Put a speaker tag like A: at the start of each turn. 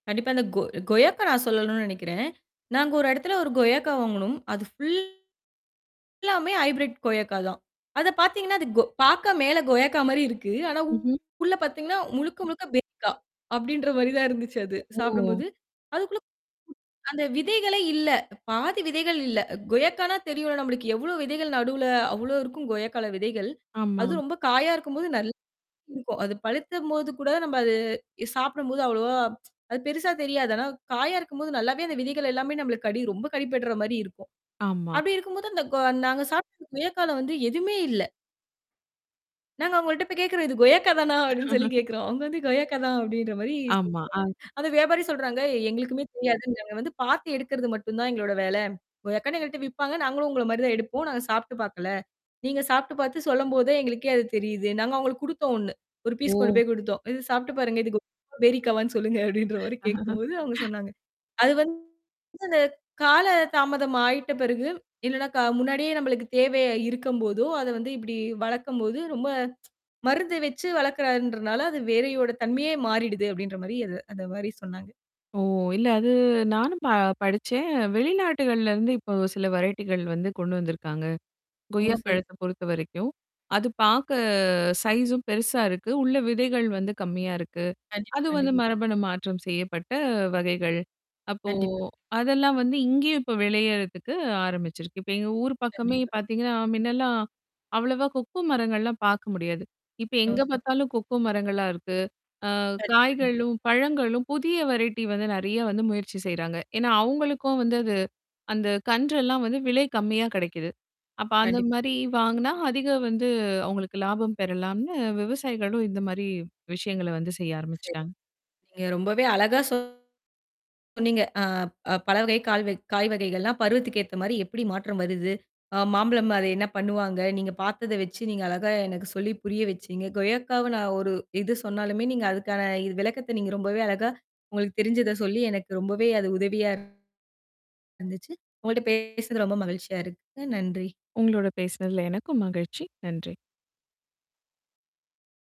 A: கண்டிப்பா. அந்த கொ கொய்யாக்காய் நான் சொல்லணுன'னு நினைக்கிறேன். நாங்க ஒரு இடத்துல ஒரு கொயக்கா வாங்குனோம். அது ஃபுல் எல்லாமே ஹைபிரெட் கொயக்கா தான். அதப் பார்த்தீங்கன்னா அது கொ பார்க்க மேல கொயக்கா மாரி இருக்கு. ஆனா
B: ம்ஹ்ம்.
A: உள்ள பார்த்தீங்கன்னா முழுக்க, முழுக்க பேரிக்கா அப்பிடின்ற மாதிரி தான் இருந்துச்சு அது.
B: ஓ!
A: சாப்பிடும்போது. அதுக்குள்ள அந்த விதைகளே இல்ல. பாதி விதைகள் இல்ல. கொயக்கான்னா தெரியும்ல நம்மளுக்கு எவ்வளவு விதைகள் நடுவுல, அவ்வளவு இருக்கும் கொயக்கால விதைகள்.
B: ஆமா.
A: அது ரொம்ப காயா இருக்கும்போது நல்லா இருக்கும். அது பழுத்தபோது கூட நம்ம அது சாப்பிடும்போது அவ்வளவா அது பெருசா தெரியாது. ஆனா காயா இருக்கும்போது நல்லாவே அந்த விதைகள் எல்லாமே நம்மளுக்கு கடி, ரொம்ப கடிபட்றமாரி இருக்கும்.
B: ஆமா.
A: அப்பிடி இருக்கும்போது அந்தக் கொ நாங்க சாப்பிட்டிருந்த கொயக்காவுல வந்து எதுவுமே இல்ல. நாங்க அவுங்கள்ட்ட போய் கேட்கிறோம் "இது கொயக்கா தானா?" அப்பிடின்னு சொல்லிக் கேட்கிறோம். அவுங்க வந்து "கொயக்கா தான்" அப்பிடின்ற மாரி சொல்லிடாங்க
B: ஆமா, அ.
A: அது வியாபாரி சொல்றாங்க, "எங்களுக்குமே தெரியாது. நாங்க வந்து பார்த்து எடுக்கிறது மட்டும்தான் எங்களோட வேல. கொயக்கான்னு எங்கட்ட விற்பாங்க. நாங்களும் உங்கள மாதிரிதான் எடுப்போம். நாங்க சாப்பிட்டு பார்க்கல. நீங்கச் சாப்பிட்டு பார்த்து சொல்லும்போதே எங்களுக்கே அது தெரியுது. நாங்க அவங்களுக்குக் கொடுத்தோம் ஒன்னு. 1 ஃபீஸ் கொண்டு
B: ஓ!
A: போய் கொடுத்தோம். இதச் சாப்பிட்டு பாருங்க. இதுக்கு கொ பேரிக்காவான்னு சொல்லுங்க அப்பிடின்றமாரி கேட்கும்போது அவுங்க சொன்னாங்க. அது வந்து [unintelligible] கால தாமதம் ஆயிட்ட பிறகு, என்னடா! க முன்னாடியே நம்மளுக்கு தேவை இருக்கும்போதோ! அத வந்து இப்படி வளர்க்கும்போது, ரொம்ப மருந்து வச்சு வளர்க்கிறான்றதுனால, அது வேறயோட தன்மையே மாறிடுது அப்பிடின்ற மாரி, அத அந்த மாதிரி சொன்னாங்க.
B: ஓ, இல்ல அது நானும் ப-படிச்சேன். வெளிநாடுகள்ல இருந்து இப்போ சில வெரைட்டிகள் வந்து கொண்டு வந்திருக்காங்க.
A: ஓ
B: கொய்யா
A: சரி.
B: பழத்த பொறுத்தவரைக்கும், அது பார்க்க சைஸூம் பெருசா இருக்கு. உள்ள விதைகள் வந்து கம்மியா இருக்கு.
A: கண்டிப்பா,
B: அது வந்து
A: கண்டிப்பா.
B: மரபணு மாற்றம் செய்யப்பட்ட வகைகள். அப்போ
A: கண்டிப்பா, கண்டிப்பா.
B: அதெல்லாம் வந்து இங்கயும் இப்ப விளையிறதுக்கு ஆரம்பிச்சிருக்கு. இப்ப எங்க ஊர் பக்கமே
A: கண்டிப்பா.
B: பார்த்தீங்கன்னா, மின்னெல்லாம் அவ்வளவா 'கொக்கோ' மரங்கள் எல்லாம் பார்க்க முடியாது. இப்ப
A: ஓ!
B: எங்க
A: சரி.
B: பார்த்தாலும் கொக்கோ மரங்களா இருக்கு. அ
A: கண்டிப்பா, கண்டிப்பா.
B: காய்களும், பழங்களும் புதிய வெரைட்டி வந்து நிறைய வந்து முயற்சி செய்றாங்க. ஏன்னா அவுங்களுக்கும் வந்து அது அந்தக் கன்று எல்லாம் வந்து விலை கம்மியா கிடைக்குது. அப்ப அந்த
A: கண்டிப்பா.
B: மாதிரி வாங்குனா அதிக வந்து அவுங்களுக்கு லாபம் பெறலாம்ன்னு விவசாயிகளும் இந்த மாரி விஷயங்கள வந்து செய்ய
A: சரி.
B: ஆரம்பிச்சிட்டாங்க.
A: நீங்க ரொம்பவே அழகா சொன்னீங்க. அ, அ, பல கால் வ காய் வகைகள்லாம் பருவத்துக்கேத்தமாரி எப்பிடி மாற்றம் வருது, அ மாம்பழம் அத என்ன பண்ணுவாங்க, நீங்கப் பார்த்தத வச்சு, நீங்க அழகா எனக்குச் சொல்லிப் புரிய வச்சீங்க. கொய்யக்காவ ஒரு இது சொன்னாலுமே நீங்க அதுக்கான விளக்கத்த நீங்க ரொம்பவே அழகா உங்களுக்குத் தெரிஞ்சத சொல்லி எனக்கு ரொம்பவே அது உதவியா இருந்துச்சு. உங்கட்ட பேசறது ரொம்ப மகிழ்ச்சியா இருக்குங்க. நன்றி.
B: உங்களோட பேசுனதுல எனக்கும் மகிழ்ச்சி. நன்றி.